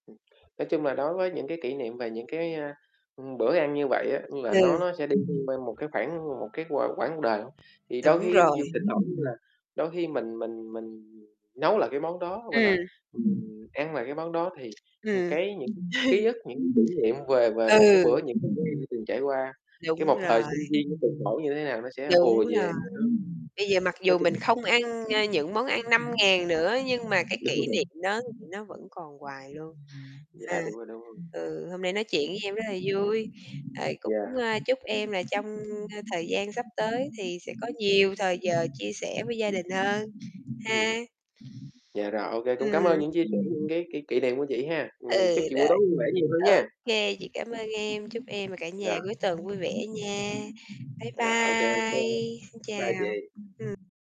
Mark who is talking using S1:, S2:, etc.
S1: Ừm, nói chung là đối với những cái kỷ niệm về những cái, a, ừm, bữa ăn như vậy á, ừm, là nó
S2: Ừ.
S1: nó sẽ đi thêm quan một cái khoảng một cái qu quãng đời hông? Thì đôi
S2: Đúng
S1: khi
S2: rồi.
S1: nhiều thỉnh thoảng như là đôi khi mình mình mình nấu lại cái món đó, gọi là,
S2: Ừm.
S1: ừm, ăn lại cái món đó thì, ừm,
S2: Ừm.
S1: cái những ký ức, những kỉ niệm về về về cái bữa
S2: Ừ.
S1: những khi từng trải qua, cái
S2: Đúng
S1: một thời
S2: rồi.
S1: sinh viên nó cực khổ như thế nào nó sẽ
S2: Đúng
S1: ùa
S2: rồi,
S1: về.
S2: bây giờ mặc
S1: Nói
S2: dù
S1: chung,
S2: mình
S1: là
S2: không ăn, ơ, những món ăn 5.000 nữa nhưng mà cái kỷ
S1: [unintelligible]
S2: niệm đó thì nó vẫn còn hoài luôn. À,
S1: Dạ, đúng rồi, đúng rồi.
S2: ừ, hôm nay nói chuyện với em rất là vui, rồi cũng,
S1: Dạ.
S2: ơ, chúc em là trong, ơ, thời gian sắp tới thì sẽ có nhiều thời giờ chia sẻ với gia đình hơn
S1: Ừm.
S2: ha.
S1: Dạ rồi, ô kê, cũng
S2: Ừm.
S1: cảm ơn những chia sẻ, những cái kỷ kỷ niệm của chị ha.
S2: Ừ,
S1: Ừm, chúc chị buổi tối
S2: rồi.
S1: vui vẻ nhiều hơn
S2: Ô
S1: nha.
S2: kê, chị cảm ơn em, chúc em và cả nhà
S1: Dạ.
S2: cuối tuần vui vẻ nha. Bye
S1: Rồi, ô kê, ô kê,
S2: bye, xin
S1: bye
S2: chào.
S1: chị.
S2: Ừm.